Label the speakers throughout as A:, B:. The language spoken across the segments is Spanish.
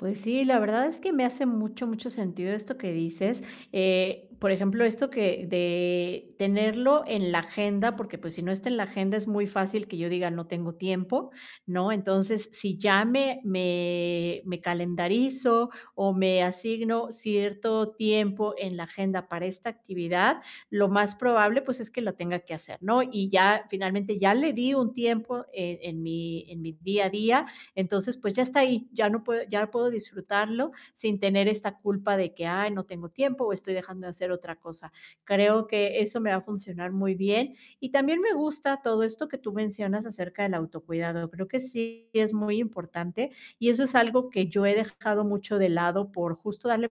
A: Pues sí, la verdad, es que me hace mucho, mucho sentido, esto que dices, eh, por ejemplo, esto que de tenerlo en la agenda, porque pues, si no está en la agenda, es muy fácil que yo diga: "No tengo tiempo", ¿no? Entonces, si ya me me me calendarizo, o me asigno cierto tiempo en la agenda, para esta actividad, lo más probable, pues, es que lo tenga que hacer, ¿no? Y ya finalmente, ya le di un tiempo, e en mi en mi día a día. Entonces, pues, ya está ahí, ya no puedo ya puedo disfrutarlo, sin tener esta culpa, de que: "Ay, no tengo tiempo, o estoy dejando de hacer otra cosa". Creo que eso, me va a funcionar muy bien. Y también, me gusta todo esto que tú mencionas, acerca del autocuidado. Creo que sí es muy importante, y eso es algo, que yo he dejado mucho de lado, por justo, darle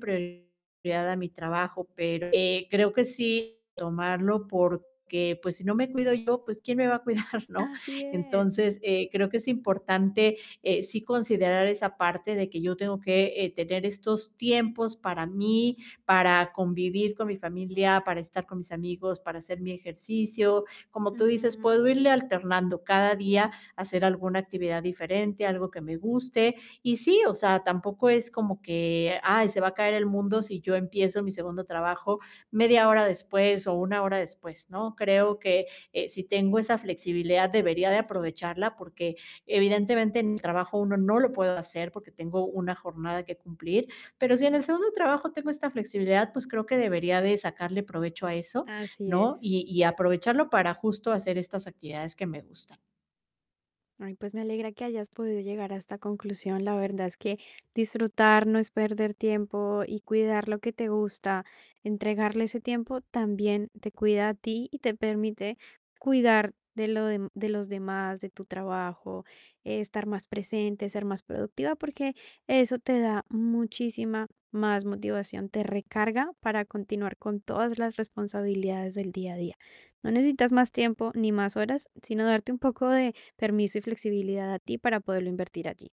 A: prioridad a mi trabajo. Pero, eh, creo que sí, tomarlo, porque, pues, si no me cuido yo, pues, ¿quién me va a cuidar, ¿no?
B: Así es.
A: Entonces, eh, creo que es importante, eh, sí considerar esa parte, de que yo tengo que, eh, tener estos tiempos para mí, para convivir con mi familia, para estar con mis amigos, para hacer mi ejercicio. Como tú dices,
B: Ujú.
A: puedo irle alternando cada día, hacer alguna actividad diferente, algo que me guste. Y sí, o sea, tampoco, es como que: "Ay, se va a caer el mundo", si yo empiezo mi segundo trabajo, 1/2 hora después, o 1 hora después, ¿no? Creo que, eh, si tengo esa flexibilidad, debería de
B: Ujú.
A: aprovecharla, porque evidentemente, en el trabajo 1, no lo puedo hacer, porque tengo una jornada que cumplir. Pero si en el segundo trabajo, tengo esta flexibilidad, pues creo que debería de sacarle provecho, a eso,
B: Así
A: ¿no?
B: es.
A: Y y aprovecharlo, para justo, hacer estas actividades que me gustan.
B: Ay, pues me alegra, que hayas podido llegar a esta conclusión. La verdad, es que disfrutar, no es perder tiempo, y cuidar lo que te gusta, entregarle ese tiempo, también te cuida a ti, y te permite cuidar de lo dem de los demás, de tu trabajo, estar más presente, ser más productiva, porque, eso te da, muchísima más motivación, te recarga, para continuar con todas las responsabilidades, del día a día. No necesitas más tiempo, ni más horas, sino darte un poco de permiso y flexibilidad, a ti, para poderlo invertir, a ti.